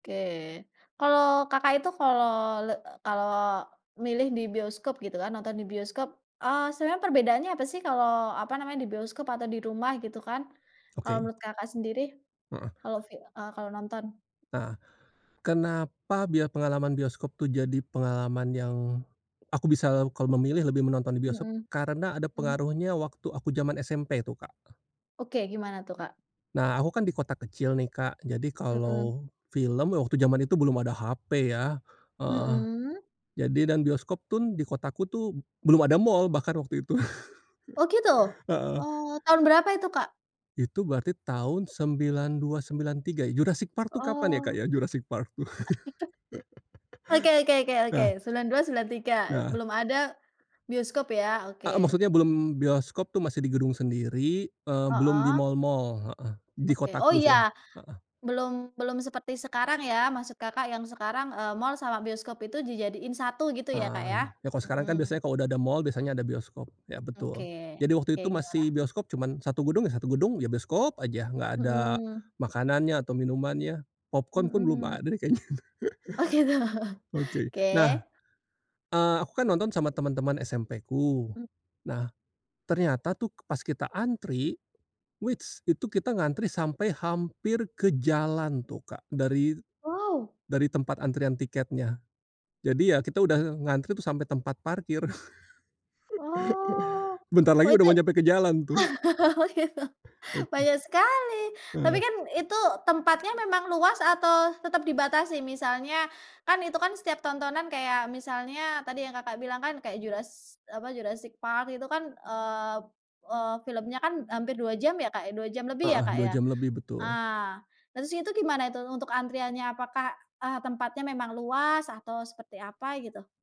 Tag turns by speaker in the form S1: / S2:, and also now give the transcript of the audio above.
S1: Oke. Kalau Kakak itu kalau le kalau milih di bioskop, gitu kan, nonton di bioskop, eee, sebenarnya perbedaannya apa sih, kalau, apa namanya, di bioskop atau di rumah, gitu kan. Kalau
S2: Oke.
S1: menurut Kakak sendiri,
S2: Heeh.
S1: kalau fi eee, kalau nonton.
S2: Nah, kenapa biar pengalaman bioskop tuh jadi pengalaman yang aku bisa kalau memilih, lebih menonton di bioskop,
S1: Mhm.
S2: karena ada
S1: Hmm.
S2: pengaruhnya waktu aku zaman SMP tuh, Kak.
S1: Oke, gimana tuh, Kak?
S2: Nah, aku kan di kota kecil nih, Kak, jadi
S1: Mhm.
S2: kalau film waktu jaman itu belum ada HP, ya. Heeh.
S1: Mhm.
S2: Jadi dan bioskop tun di kotaku tuh belum ada mall bahkan waktu itu.
S1: Oh, gitu?
S2: Heeh.
S1: Oh, tahun berapa itu, Kak?
S2: Itu berarti tahun 92, 93. Jurassic Park tuh, kapan ya, Kak,
S1: Oh.
S2: ya? Jurassic Park, tuh.
S1: [unintelligible] .Oke oke oke oke.
S2: Nah.
S1: 92, 93.
S2: Nah.
S1: Belum ada bioskop, ya. Oke.
S2: Heeh, maksudnya belum bioskop tuh masih di gedung sendiri, eee, belum di
S1: Heeh.
S2: mall-mall. Heeh, di
S1: Oke, oh,
S2: kotaku sih ya,
S1: iya.
S2: heeh.
S1: Belum belum seperti sekarang ya, maksud Kakak yang sekarang, eee, mall sama bioskop itu dijadiin satu gitu ya, Kak,
S2: Nah,
S1: ya.
S2: ya, kalau sekarang kan
S1: Mhm.
S2: biasanya kalau udah ada mall, biasanya ada bioskop. Iya,
S1: Oke,
S2: betul, jadi waktu itu
S1: kayak
S2: masih
S1: gimana?
S2: bioskop cuman satu gedung ya, satu gedung, ya bioskop aja, nggak ada
S1: Mmm.
S2: makanannya atau minumannya popcorn pun belum
S1: Mhm.
S2: ada deh kayaknya.
S1: Oh, gitu.
S2: Oke, nah,
S1: Oke.
S2: eee, aku kan nonton sama teman-teman SMP-ku,
S1: Mmm.
S2: nah, ternyata tuh pas kita antri, wits, itu kita ngantri sampai hampir ke jalan tuh, Kak, dari
S1: Wow.
S2: dari tempat antrian tiketnya. Jadi ya, kita udah ngantri tuh sampai tempat parkir.
S1: Oh.
S2: Sebentar lagi
S1: Oh,
S2: udah
S1: itu
S2: mau nyampe ke jalan, tuh.
S1: oh, gitu.
S2: Aduh.
S1: Banyak sekali, tapi
S2: Heeh.
S1: kan itu tempatnya memang luas atau tetep dibatasin? Misalnya kan, itu kan setiap tontonan kayak misalnya tadi yang Kakak bilang kan, kayak juras apa, Jurassic Park itu kan, eee eee, filmnya kan hampir 2 jam ya, Kak, ya. 2 jam lebih ya,
S2: Heeh,
S1: Kak,
S2: 2
S1: ya?
S2: jam lebih betul.
S1: Ah, terus itu gimana itu untuk antriannya? Apakah, ah, tempatnya memang luas atau seperti apa, gitu?